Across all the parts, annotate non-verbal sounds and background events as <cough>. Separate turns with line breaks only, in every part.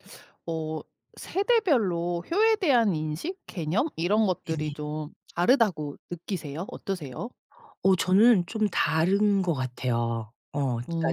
<sucks teeth> 어 세대별로 효에 대한 인식, 개념 이런 것들이
네네.
좀 다르다고 느끼세요? 어떠세요?
어 저는 좀 다른 것 같아요. 어
음
그러니까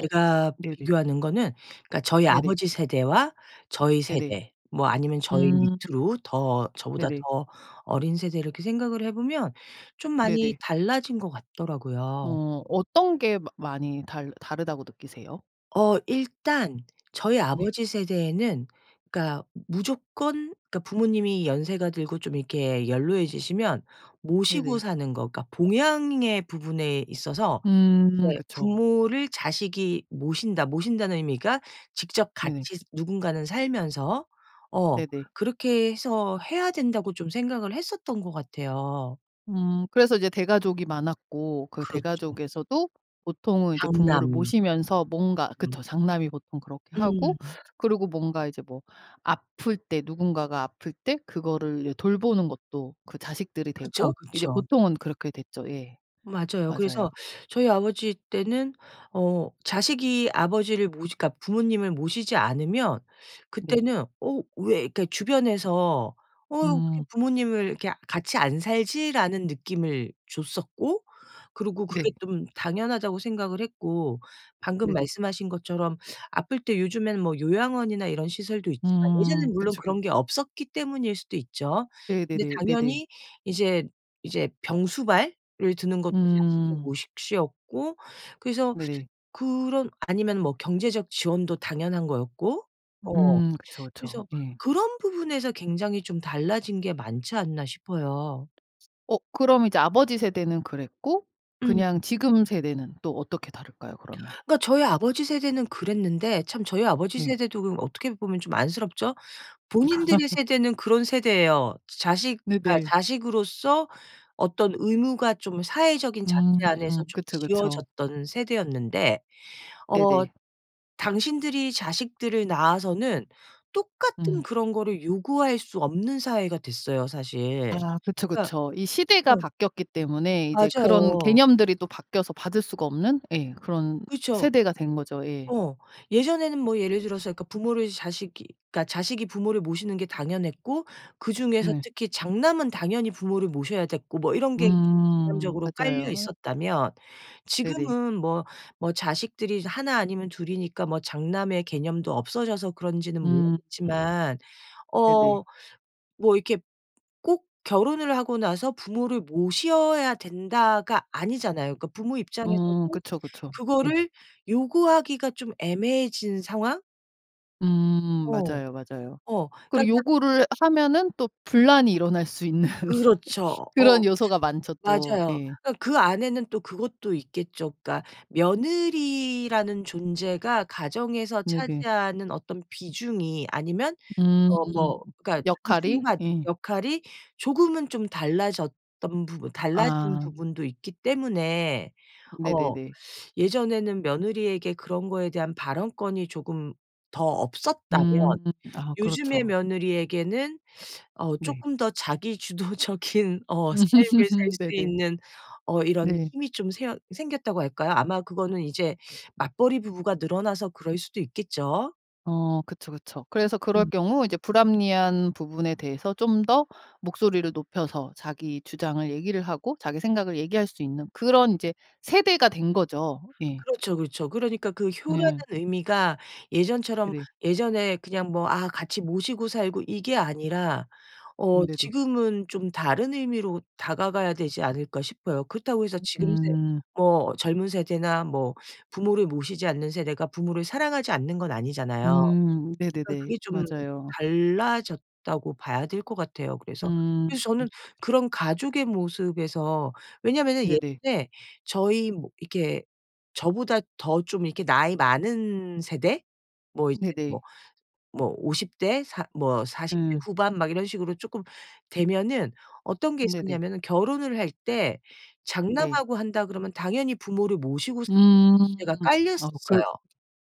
어 네네.
비교하는 거는 그러니까 저희
네네.
아버지 세대와 저희
네네.
세대 뭐 아니면 저희
음.
밑으로 더 저보다
네네.
더 어린 세대 이렇게 생각을 해 보면 좀 많이
네네.
달라진 것 같더라고요.
어 어떤 게 많 많이 달 다르다고 느끼세요?
어 일단 저희
네.
아버지 세대에는 그러니까 무조건 그러니까 부모님이 연세가 들고 좀 이렇게 연로해지시면 모시고
네네.
사는 거 그러니까 봉양의 부분에 있어서
음
이제
그쵸.
'부모를 자식이 모신다.' 모신다는 의미가 직접
네네.
같이 누군가는 살면서 어
네네.
그렇게 해서 해야 된다고 좀 생각을 했었던 것 같아요.
음 그래서 이제 대가족이 많았고 그
그렇죠.
대가족에서도 보통은 이제 부모를
장남.
모시면서 뭔가
으음.
그쵸 장남이 보통 그렇게 하고
음음음.
그리고 뭔가 이제 뭐 아플 때 누군가가 아플 때 그거를 돌보는 것도 그 자식들이
그쵸,
되고 이제
그쵸.
보통은 그렇게 됐죠. 예.
맞아요.
맞아요.
그래서 <sucks teeth> 저희 아버지 때는 어 자식이 아버지를 모시 그러니까 부모님을 모시지 않으면
네.
그때는 어 "왜" 이렇게 주변에서 "어 이거 어떻게
음.
부모님을 이렇게 같이 안 살지?"라는 느낌을 줬었고 그리고
네.
그게 좀 당연하다고 생각을 했고 방금
네네.
말씀하신 것처럼 아플 때 요즘에는 뭐 요양원이나 이런 시설도 있지만
음
예전에는 물론
그쵸 그
그런 게 없었기 때문일 수도 있죠. 근데
네네네. 네네.
당연히 이제 이제 병수발을 드는 것도 자식의
음.
모식 시었고 그래서
네네.
그런 아니면 뭐 경제적 지원도 당연한 거였고 어
으음 그쵸, 그쵸.
그래서
예.
그런 부분에서 굉장히 좀 달라진 게 많지 않나 싶어요.
어 그럼 이제 아버지 세대는 그랬고
음.
그냥 지금 세대는 또 어떻게 다를까요 그러면?
그러니까 저희 아버지 세대는 그랬는데 참 저희 아버지
네.
세대도 그럼 어떻게 보면 좀 안쓰럽죠? 본인들의
<laughs>
세대는 그런 세대에요. 자식 그러니까
네네
자식으로서 어떤 의무가 좀 사회적인
음
잣대 안에서 좀
그쵸, 그쵸.
지어졌던 세대였는데 어
네네.
당신들이 자식들을 낳아서는 똑같은
음.
그런 거를 요구할 수 없는 사회가 됐어요 사실.
아 그쵸,
그러니까
그쵸. 이
어.
시대가 바뀌었기 때문에 이제 그런
맞아요.
개념들이 또 바뀌어서 받을 수가 없는 예 그런
그렇죠.
세대가 된 거죠. 예.
어 예전에는 뭐 예를 들어서 그러니까 부모를 자식이 그러니까 자식이 부모를 모시는 게 당연했고 그 중에서
네.
특히 장남은 당연히 부모를 모셔야 됐고 뭐 이런 게 좀
음.
개념적으로 깔려
맞아요.
있었다면
네네.
지금은 뭐 뭐 자식들이 1 아니면 2 이니까 뭐 장남의 개념도 없어져서 그런지는
음.
모르겠지만
네네.
어 뭐 이렇게 '꼭 결혼을 하고 나서 부모를 모셔야 된다.'가 아니잖아요. 그러니까 부모
어
입장에서도
그쵸, 그쵸. 예.
그거를 요구하기가 좀 애매해진 상황?
음
어.
맞아요, 맞아요.
어. 그니까
그리고
짝
요구를 하면은 또 분란이 일어날 수 있는
그렇죠. 어
그런 요소가 많죠 또.
맞아요.
예.
그러니까 그 안에는 또 그것도 있겠죠. 그러니까 며느리라는 존재가 가정에서
네네.
차지하는 어떤 비중이 아니면
음.
어 뭐 그러니까 그
역할이?
순간
예.
역할이 조금은 좀 달라졌던 부분 달라진
아.
부분도 있기 때문에 어
네네네.
<sucks teeth> "예전에는 며느리에게 그런 거에 대한 발언권이 조금 더 없었다면
음. 아
요즘의
그렇죠.
며느리에게는 <sucks teeth> 어
네.
쪼끔 더 자기 주도적인 어 삶을 살
<laughs>
수
네네.
있는 어 이런
네.
힘이 좀 새 생겼다."고 할까요? 아마 그거는 이제 맞벌이 부부가 늘어나서 그럴 수도 있겠죠.
어 그쵸, 그쵸. 그래서 그럴
음.
경우 이제 불합리한 부분에 대해서 좀 더 목소리를 높여서 자기 주장을 얘기를 하고 자기 생각을 얘기할 수 있는 그런 인제 세대가 된 거죠. 예.
그렇죠, 그렇죠. 그러니까 그 '효라는
음.
의미가 예전처럼
네.
예전에 그냥 뭐 '아 같이 모시고 살고.' 이게 아니라 어
음네네.
지금은 좀 다른 의미로 다가가야 되지 않을까?' 싶어요. 그렇다고 해서
으
지금 세
음.
뭐 젊은 세대나 뭐 부모를 모시지 않는 세대가 부모를 사랑하지 않는 건 아니잖아요. 어
음 네네네.
'그게 좀
맞아요.
달라졌다.'고 봐야 될 것 같아요. 그래서
음.
저는 그런 가족의 모습에서 왜냐하면은
네네.
예전에 저희 뭐 이렇게 저보다 더 좀 이렇게 나이 많은 세대 뭐 이제
네네.
뭐 뭐 50 대 사 뭐 40 대
음.
후반 막 이런 식으로 쪼끔 되면은 어떤 게
네네.
있었냐면은 결혼을 할 때
네.
장남하고 한다 그러면 당연히 부모를 모시고 사는
음
문제가
어 글
깔렸었어요.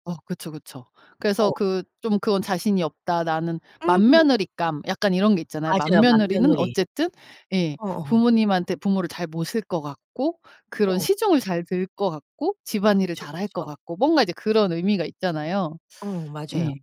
어 그쵸, 그쵸. 그래서
어.
그 '좀 그건 자신이 없다, 나는.'
음.
맏며느리감 약간 이런 게 있잖아요.
맞아요,
맏며느리는
맏며느리.
어쨌든 예
어어.
부모님한테 부모를 잘 모실 것 같고 그런
어.
시중을 잘 들 것 같고 집안일을
그쵸,
잘할 것
그쵸.
같고 뭔가 이제 그런 의미가 있잖아요.
어 맞아요.
예.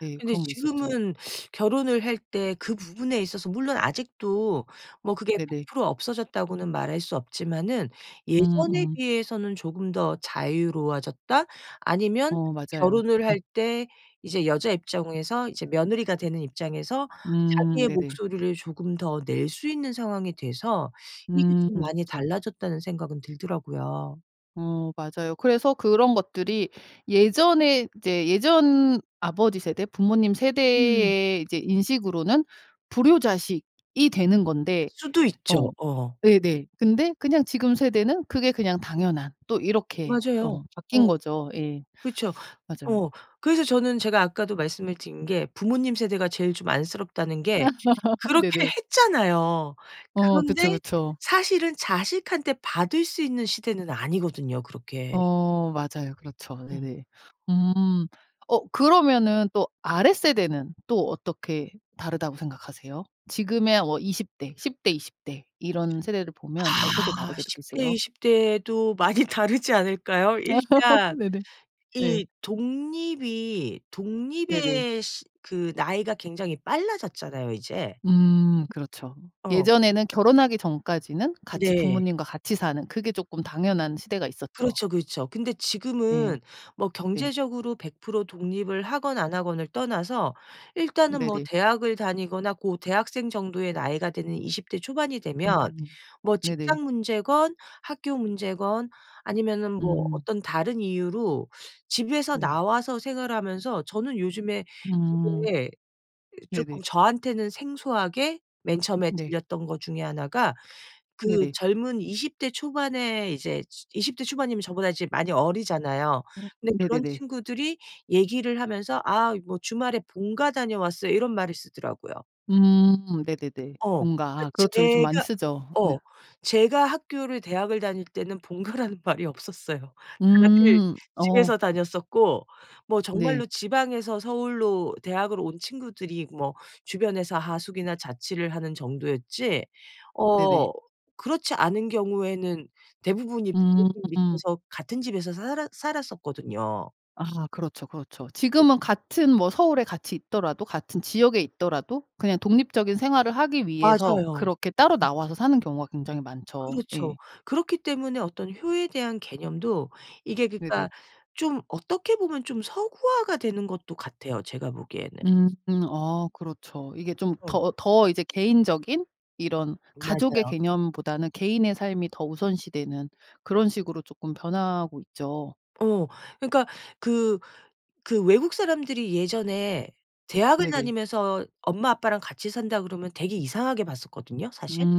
예
근데
그런 게 있었죠.
지금은 <sucks teeth> 결혼을 할 때 그 부분에 있어서 물론 아직도 뭐 그게
네네.
"100% 없어졌다."고는 말할 수 없지만은 '예전에
음음.
비해서는 조금 더 자유로워졌다.' 아니면
어 맞아요.
결혼을
예.
할 때 이제 여자 입장에서 이제 며느리가 되는 입장에서
음
자기의
네네.
목소리를 조금 더 낼 수 있는 상황이 돼서 '이게
음
좀 많이
그쵸.
달라졌다.'는 생각은 들더라고요.
어 맞아요. 그래서 그런 것들이 예전에 이제 예전 아버지 세대, 부모님
음.
세대의 이제 인식으로는 불효자식이 되는 건데
수도 있죠.
어
어어.
네네 근데 그냥 지금 세대는 그게 그냥 당연한 또 이렇게
맞아요.
어 바뀐
어
거죠. 예.
그쵸.
맞아요.
어 그래서 저는 제가 아까도 말씀을 드린 게 부모님 세대가 제일 좀 안쓰럽다는
아
게
<laughs>
그렇게
네네.
했잖아요.
어 그쵸,
그런데
그쵸.
사실은 자식한테 받을 수 있는 시대는 아니거든요 그렇게.
어 맞아요. 그렇죠.
음.
네네. 음 어 그러면은 또 아래 세대는 또 어떻게 다르다고 생각하세요? 지금의 어 20 대, 10 대, 20 대 이런 세대를 보면 어떻게
아.
다르게
10 대,
느끼세요?
20 대도 많이 다르지 않을까요?
아. <laughs>
일단
네네. 네.
이 독립이
네네.
독립의 시 그 나이가 굉장히 빨라졌잖아요 이제.
음. 그렇죠.
어.
예전에는 결혼하기 전까지는 같이
네.
부모님과 같이 사는 그게 쪼끔 당연한 시대가 있었죠.
그렇죠, 그렇죠. 근데
예.
지금은 뭐
네.
경제적으로 100% 독립을 하건 안 하건을 떠나서 일단은 뭐
네네.
대학을 다니거나 고 대학생 정도의 나이가 되는 20 대 초반이 되면
음.
뭐
네네.
직장 문제건 학교 문제건 아니면은 뭐
음.
어떤 다른 이유로 집에서
네.
나와서 생활하면서 저는 요즘에
음.
되게 이
네네.
쪼끔 저한테는 생소하게 맨 처음에
네.
들렸던 거 중에 하나가 그
네네.
젊은 20 대 초반에 이제 즈 20 대 초반이면 저보다 이제 많이 어리잖아요.
음
근데 그런
네네네.
친구들이 얘기를 하면서 "아 이 뭐 주말에 본가 다녀왔어요." 이런 말을 쓰더라고요.
음 네네네.
어
본가.
그러니까
아 그렇죠. 요즘 많이
제가
쓰죠. 네.
어 제가 학교를 대학을 다닐 때는 본가라는 말이 없었어요. 다들
음. 어.
집에서 다녔었고 뭐
네.
정말로 지방에서 서울로 대학을 온 친구들이 뭐 주변에서 하숙이나 자취를 하는 정도였지
네네.
어 그렇지 않은 경우에는 대부분이 부모님
음.
밑에서 같은 집에서 살았 살았었거든요
아 그렇죠, 그렇죠.
음.
지금은 같은 뭐 서울에 같이 있더라도 같은 지역에 있더라도 그냥 독립적인 생활을 하기 위해서
맞아요.
그렇게 따로
음.
나와서 사는 경우가 굉장히 많죠.
그렇죠.
예.
그렇기 때문에 어떤 효에 대한 개념도 이게
네네.
그러니까 좀 어떻게 보면 좀 서구화가 되는 것도 같아요 제가 보기에는.
음음. 어 그렇죠. 이게 좀
어.
더 더 이제 개인적인 이런 가족의
맞아요.
개념보다는 개인의 삶이 더 우선시되는 그런 식으로 쪼끔 변하고 있죠.
어 그러니까 그 그 외국사람들이 예전에 대학을
네네.
다니면서 "엄마 아빠랑 같이 산다." 그러면 되게 이상하게 봤었거든요 사실.
음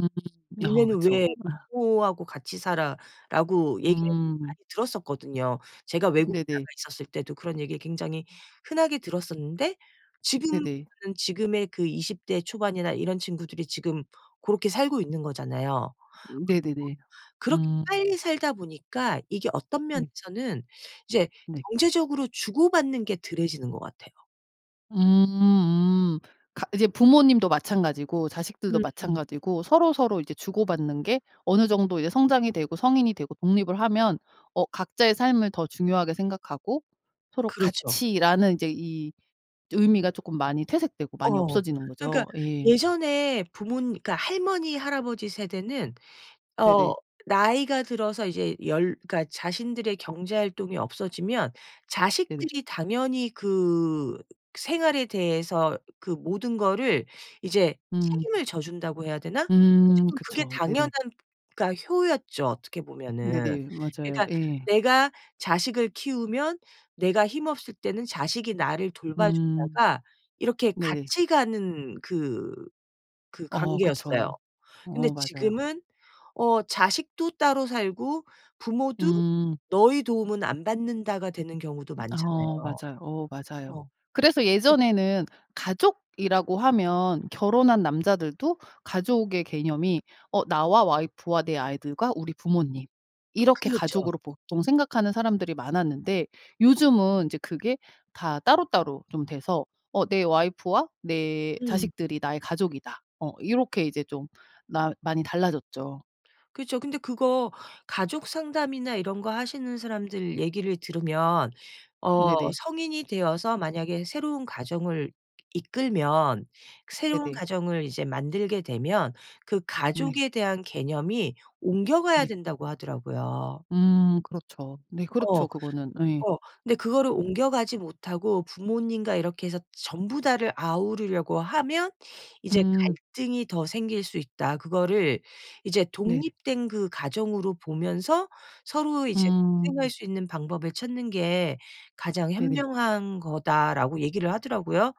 어
"니네는
그쵸.
왜
아.
부모하고 같이 살아?"라고 얘기를
음.
많이 들었었거든요. 제가 외국에 나가
네네.
있었을 때도 그런 얘기 굉장히 흔하게 들었었는데 지금은
네네.
지금의 그 20 대 초반이나 이런 친구들이 지금 고렇게 살고 있는 거잖아요.
음 네네네.
그렇게
음.
빨리 살다 보니까 이게 어떤
네.
면에서는 이제
네.
경제적으로 주고받는 게 덜해지는 것 같아요.
음음. 가 이제 부모님도 마찬가지고 자식들도
음음.
마찬가지고 서로 서로 이제 주고받는 게 어느 정도 이제 성장이 되고 성인이 되고 독립을 하면 어 각자의 삶을 더 중요하게 생각하고 서로
그렇죠.
같이라는 이제 이 의미가 쪼끔 많이 퇴색되고 많이
어.
없어지는
그러니까
거죠. 예.
예전에 부모님 그 할머니 할아버지 세대는 어
네네.
나이가 들어서 이제 열 그러니까 자신들의 경제활동이 없어지면
네네.
자식들이 당연히 그 생활에 대해서 그 모든 거를 이제
음.
책임을 져 준다고 해야 되나?
음
어쨌건 그게
그쵸.
당연한
네네.
그니까 효였죠, 어떻게 보면은.
네네. 맞아요.
그러니까
예.
내가 자식을 키우면 내가 힘없을 때는 자식이 나를 돌봐
음.
주다가 이렇게
네네.
같이 가는 그 그
어
관계였어요.
그쵸.
근데
어 맞아요.
지금은 어 자식도 따로 살고 부모도
음.
"너의 도움은 안 받는다."가 되는 경우도
음 어
많잖아요.
맞아요, 어 맞아요.
어.
그래서
음.
예전에는 가족이라고 하면 결혼한 남자들도 가족의 개념이 어 나와 와이프와 내 아이들과 우리 부모님 이렇게
그렇죠.
가족으로 보통 생각하는 사람들이 많았는데 요즘은 인제 그게 다 따로따로 좀 돼서 '어 내 와이프와 내
음.
자식들이 나의 가족이다.' 어 이렇게 이제 좀 나 많이 달라졌죠.
그쵸. 근데 그거 가족 상담이나 이런 거 하시는 사람들 얘기를 들으면 어
네네.
"성인이 되어서 만약에 새로운 가정을 이끌면 새로운
네네.
가정을 이제 만들게 되면 그
네.
가족에 대한 개념이 옮겨가야
네.
된다."고 하더라고요.
음 그렇죠. 네. 그렇죠.
어.
그거는 예.
어. 근데 그거를
음.
옮겨가지 못하고 부모님과 이렇게 해서 전부 다를 아우르려고 하면 이제
음.
갈등이 더 생길 수 있다. 그거를 이제
네네.
"독립된 그 가정으로 보면서 서로 이제 공생할
음.
수 있는 방법을 찾는 게 가장
네네.
현명한 거다."라고 얘기를 하더라고요.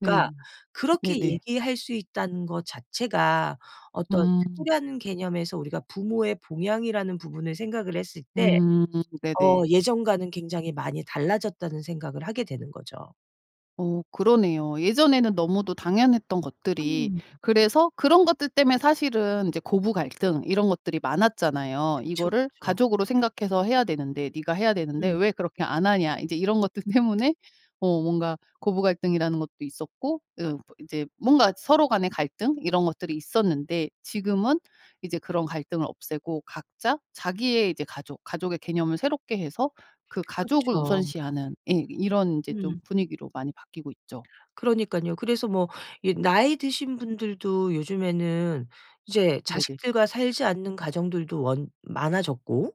네.
그렇게
네네.
얘기할 수 있다는 것 자체가 어떤
음.
효라는 개념에서 우리가 부모의 봉양이라는 부분을 생각을 했을 때
음
어
네네.
예전과는 굉장히 많이 달라졌다는 생각을 하게 되는 거죠.
어 그러네요. 예전에는 너무도 당연했던 것들이
음.
그래서 그런 것들 때문에 사실은 이제 고부 갈등 이런 것들이 많았잖아요.
그쵸,
이거를
그쵸.
가족으로 생각해서 해야 되는데 "네가 해야 되는데
음.
왜 그렇게 안 하냐." 인제 이런 것들 때문에 어 뭔가 고부 갈등이라는 것도 있었고 어 이제 뭔가 서로 간의 갈등 이런 것들이 있었는데 지금은 이제 그런 갈등을 없애고 각자 자기의 이제 가족, 가족의 개념을 새롭게 해서 그 가족을
그쵸.
우선시하는 예 이런 이제
음.
좀 분위기로 많이 바뀌고 있죠.
그러니깐요. 그래서 뭐 이 나이 드신 분들도 요즘에는 이제
네네.
자식들과 살지 않는 가정들도 원 많아졌고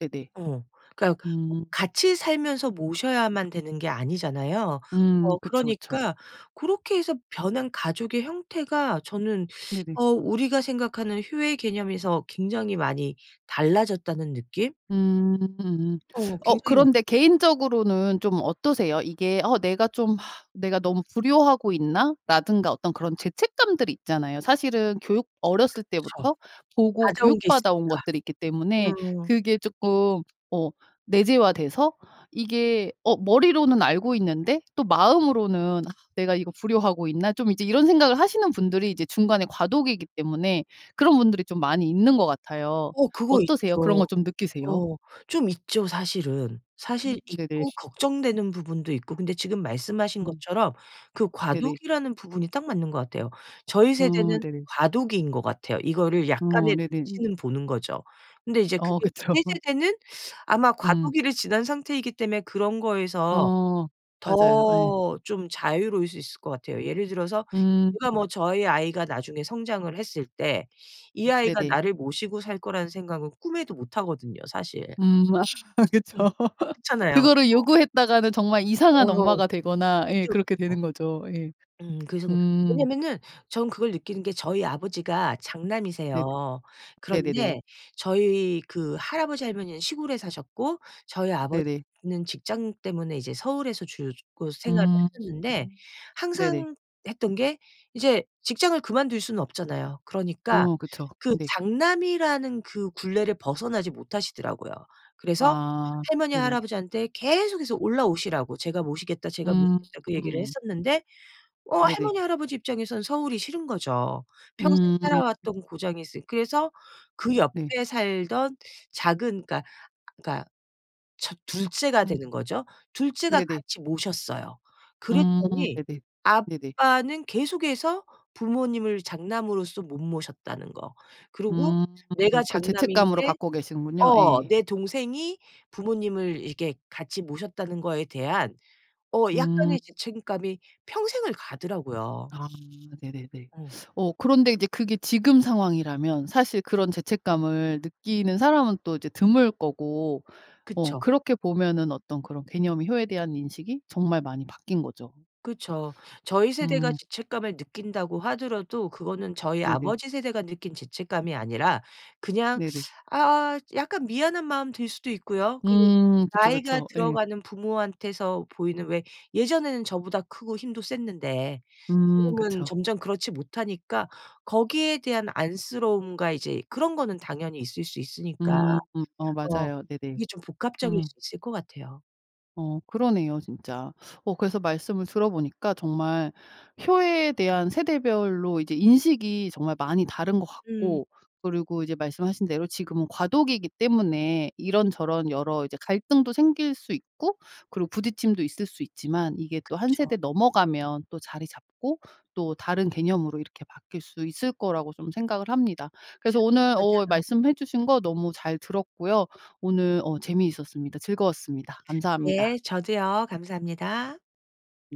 네네.
어. 그러니까 꼭
음.
같이 살면서 모셔야만 되는 게 아니잖아요.
음
어
그쵸, 그쵸.
그러니까 고렇게 해서 변한 가족의 형태가 저는 <sucks teeth>
네네.
어 '우리가 생각하는 효의 개념에서 굉장히 많이 달라졌다.'는 느낌?
음 음.
어
<sucks teeth> 어
굉장히 맞
그런데 개인적으로는 좀 어떠세요? 이게 어 '내가 좀 아 내가 너무 불효하고 있나?'라든가 어떤 그런 죄책감들이 있잖아요. 사실은 교육
<smacks lips>
어렸을
그쵸.
때부터 보고
가져온 게
교육받아온
있으니까.
것들이 있기 때문에
음.
그게 쪼끔 어 내재화돼서 이게 어 머리로는 알고 있는데 또 마음으로는 '아 내가 이거 불효하고 있나?' 좀 이제 이런 생각을 하시는 분들이 이제 중간에 과도기기 때문에 그런 분들이 좀 많이 있는 것 같아요.
어 그거
어떠세요? 그런
있죠.
거 좀 느끼세요?
어 좀 있죠, 사실은.
음.
사실
네네.
있고 걱정되는 부분도 있고. 근데 지금 말씀하신
음.
것처럼 그
네네.
과도기라는 부분이 딱 맞는 것 같아요. 저희
어
세대는
네네.
과도기인 것 같아요. 이거를
어
약간의
네네.
눈치는 보는 거죠. 근데 이제
어
그게
그쵸.
밑에 세대는 <sucks teeth> 아마
음.
과도기를 지난 상태이기 때문에 그런 거에서
어 맞아요. 예.
더 좀 자유로울 수 있을 것 같아요. 예를 들어서
음.
제가 뭐 저희 아이가 나중에 성장을 했을 때 이
음
아이가
네네.
나를 모시고 살 거라는 생각은 꿈에도 못하거든요, 사실.
음 <laughs>
음.
그쵸. <laughs>
그렇잖아요.
그거를
어.
요구했다가는 정말
어
이상한 엄마가 되거나 예
그쵸,
그렇게
그쵸.
되는 거죠. 예.
음. <swallows> 그래서 그
음.
왜냐하면은 저는 그걸 느끼는 게 저희 아버지가
네.
장남이세요.
네네네.
그런데 저희 그 할아버지, 할머니는 시골에 사셨고 저희
네네.
아버지는 직장 때문에 이제 서울에서 주로 곧 생활을
음.
하셨는데
네네.
항상 했던 게 이제 직장을 그만둘 수는 없잖아요. 그러니까
어 그쵸.
그
네.
장남이라는 그 굴레를 벗어나지 못하시더라고요. 그래서
아
할머니,
네네.
할아버지한테 계속해서 올라오시라고 "제가 모시겠다, 제가 모시겠다." 그 얘기를
음음.
했었는데 어
네네.
할머니, 할아버지 입장에서는 서울이 싫은 거죠. 평생
음.
살아왔던 고장이 있으 그래서
음
그
네.
옆에 살던 작은 그러니까, 그러니까 첫 2 째가 되는
음.
거죠. 2 째가
네네.
같이 모셨어요.
음
그랬더니
네네. 네네.
아빠는 계속해서 부모님을 장남으로서 못 모셨다는 거 그리고
음.
내가
그걸 죄책감으로
장남인데
갖고 계시는군요.
어
예.
내 동생이 부모님을 이렇게 같이 모셨다는 거에 대한 어
음.
약간의 죄책감이 평생을 가더라고요.
아 네네네.
음.
<sucks teeth> 어 그런데 이제 그게 지금 상황이라면 사실 그런 죄책감을 느끼는 사람은 또 이제 드물 거고 어
그쵸.
그렇게 보면은 어떤 그런 개념이 효에 대한 인식이 정말 많이 바뀐 거죠.
그쵸. 저희
<sniffs>
세대가
음.
죄책감을 느낀다고 하더라도 그거는 저희
네네.
아버지 세대가 느낀 죄책감이 아니라 그냥
네네.
<sucks teeth> 아 약간 미안한 마음 들 수도 있고요. 그리고
음 그쵸,
나이가
그쵸. 예.
들어가는 부모한테서 보이는 왜 예전에는 저보다 크고 힘도 셌는데
음
지금은
그쵸.
점점 그렇지 못하니까 거기에 대한 안쓰러움과 이제 그런 거는 당연히 있을 수 있으니까.
음 어
어
맞아요. 네네.
이게 좀 복합적일
음.
수 있을 것 같아요.
어 그러네요, 진짜. <sucks teeth> 어 그래서 말씀을 들어보니까 정말 효에 대한 세대별로 이제 인식이 정말 많이 다른 것
음.
같고 그리고 이제 말씀하신 대로 지금은 과도기기 때문에 이런저런 여러 이제 갈등도 생길 수 있고 그리고 부딪힘도 있을 수 있지만 이게 또 1
그쵸.
세대 넘어가면 또 자리 잡고 또 다른 개념으로 이렇게 바뀔 수 있을 거라고 좀 생각을 합니다.
츠
그래서 오늘 어
맞아요.
말씀해 주신 거 너무 잘 들었고요. 오늘 어 재미있었습니다. 즐거웠습니다. 감사합니다.
예 저도요. 감사합니다.
네.